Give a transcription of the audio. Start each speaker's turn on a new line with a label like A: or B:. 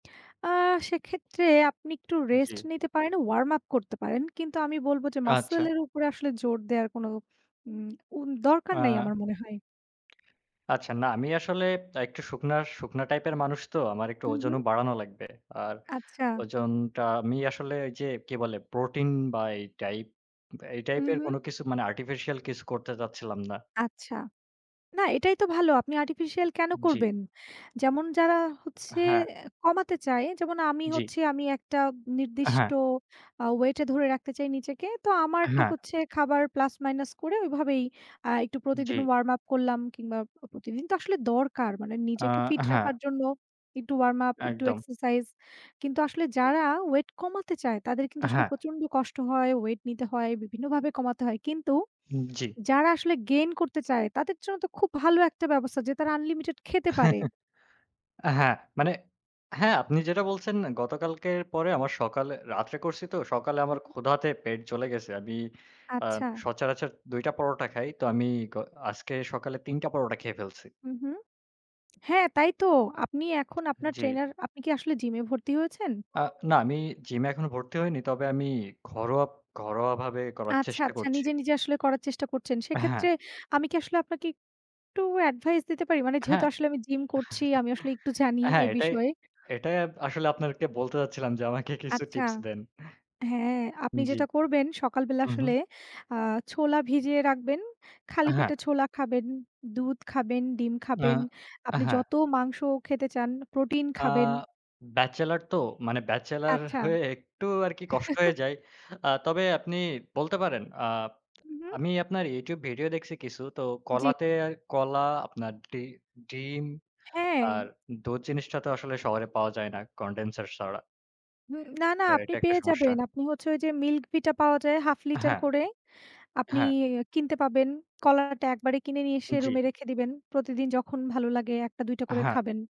A: আ সেক্ষেত্রে আপনি একটু
B: জি।
A: রেস্ট নিতে পারেন, Warm up করতে পারেন। কিন্তু আমি বলব যে
B: আচ্ছা।
A: Muscle এর উপরে আসলে জোর দেওয়ার কোনো উম উম দরকার নাই
B: হ্যাঁ।
A: আমার মনে হয়।
B: আচ্ছা। না, আমি আসলে একটু শুকনা শুকনা টাইপের মানুষ তো। আমার একটু
A: হুম, হুম।
B: ওজনও বাড়ানো লাগবে। আর
A: আচ্ছা।
B: ওজনটা আমি আসলে যে, কি বলে প্রোটিন বা এই টাইপ এই
A: হুম,
B: টাইপের
A: হুম।
B: কোন কিছু মানে আর্টিফিশিয়াল কিছু করতে চাচ্ছিলাম না।
A: আচ্ছা। না এটাই তো ভালো আপনি আর্টিফিশিয়াল কেন
B: জি।
A: করবেন? যেমন যারা হচ্ছে
B: হ্যাঁ।
A: কমাতে চায় যেমন আমি
B: জি।
A: হচ্ছি আমি একটা নির্দিষ্ট
B: হ্যাঁ।
A: আ ওয়েটে ধরে রাখতে চাই নিজেকে। তো আমারটা
B: হ্যাঁ।
A: হচ্ছে খাবার প্লাস মাইনাস করে ওইভাবেই আ একটু
B: জি।
A: প্রতিদিন Warm up করলাম কিংবা প্রতিদিন তো আসলে দরকার মানে
B: আ
A: নিজেকে ফিট
B: হ্যাঁ।
A: রাখার জন্য একটু Warm up, একটু
B: একদম।
A: এক্সারসাইজ কিন্তু আসলে যারা ওয়েট কমাতে চায় তাদের কিন্তু আসলে
B: হ্যাঁ।
A: প্রচন্ড কষ্ট হয়, ওয়েট নিতে হয়, বিভিন্নভাবে কমাতে হয়। কিন্তু
B: জি।
A: যারা আসলে Gain করতে চায় তাদের জন্য তো খুব ভালো একটা ব্যবস্থা যে তারা আনলিমিটেড খেতে পারে।
B: হ্যাঁ, মানে, হ্যাঁ, আপনি যেটা বলছেন গতকালকের পরে আবার সকালে, রাত্রে করছি তো, সকালে
A: হু,
B: আমার
A: হু।
B: ক্ষুধাতে পেট জ্বলে গেছে। আমি আ
A: আচ্ছা।
B: সচারাচর দুইটা পরোটা খাই। তো আমি গ আজকে সকালে তিনটা পরোটা খেয়ে ফেলছি।
A: হুম, হুম। হ্যাঁ, তাই তো। আপনি এখন আপনার
B: জি।
A: ট্রেইনার; আপনি কি আসলে জিমে ভর্তি হয়েছেন?
B: আ না, আমি জিমে এখনো ভর্তি হয়নি। তবে আমি ঘরোয়া ঘরোয়াভাবে করার
A: আচ্ছা,
B: চেষ্টা
A: আচ্ছা
B: করছি।
A: নিজে, নিজে আসলে করার চেষ্টা করছেন। সেক্ষেত্রে
B: হ্যাঁ।
A: আমি কি আসলে আপনাকে একটু অ্যাডভাইস দিতে পারি? মানে যেহেতু
B: হ্যাঁ।
A: আসলে আমি জিম করছি আমি আসলে একটু জানি
B: হ্যাঁ,
A: এ
B: এটাই
A: বিষয়ে।
B: এটাই আসলে আপনাদেরকে বলতে যাচ্ছিলাম যে, আমাকে কিছু
A: আচ্ছা।
B: টিপস দেন।
A: হ্যাঁ, আপনি
B: জি।
A: যেটা করবেন সকালবেলা
B: হুম, হুম।
A: আসলে আ ছোলা ভিজিয়ে রাখবেন,
B: আ
A: খালি
B: হ্যাঁ।
A: পেটে ছোলা খাবেন, দুধ খাবেন, ডিম
B: না
A: খাবেন,
B: অ্যা
A: আপনি
B: হ্যাঁ।
A: যত মাংস খেতে চান, প্রোটিন
B: আ
A: খাবেন।
B: ব্যাচেলর তো। মানে ব্যাচেলর
A: আচ্ছা।
B: হয়ে একটু আরকি কষ্ট হয়ে যায়। আ তবে আপনি বলতে পারেন আ
A: হুম, হুম।
B: আমি আপনার YouTube ভিডিও দেখছি কিছু। তো
A: জি।
B: কলাতে, কলা আপনার ডি ডিম
A: হ্যাঁ।
B: আর দুধ জিনিসটা তো আসলে শহরে পাওয়া যায় না। Condenser ছাড়া।
A: হুম, না, না,
B: তো
A: আপনি
B: এটা একটা
A: পেয়ে
B: সমস্যা।
A: যাবেন। আপনি হচ্ছে ঐ যে মিল্ক ভিটা পাওয়া যায় হাফ লিটার
B: হ্যাঁ।
A: করে আপনি
B: হ্যাঁ।
A: কিনতে পাবেন, কলাটা একবারে কিনে নিয়ে এসে
B: জি।
A: রুমে রেখে দিবেন। প্রতিদিন যখন ভালো লাগে একটা দুইটা করে
B: হ্যাঁ।
A: খাবেন।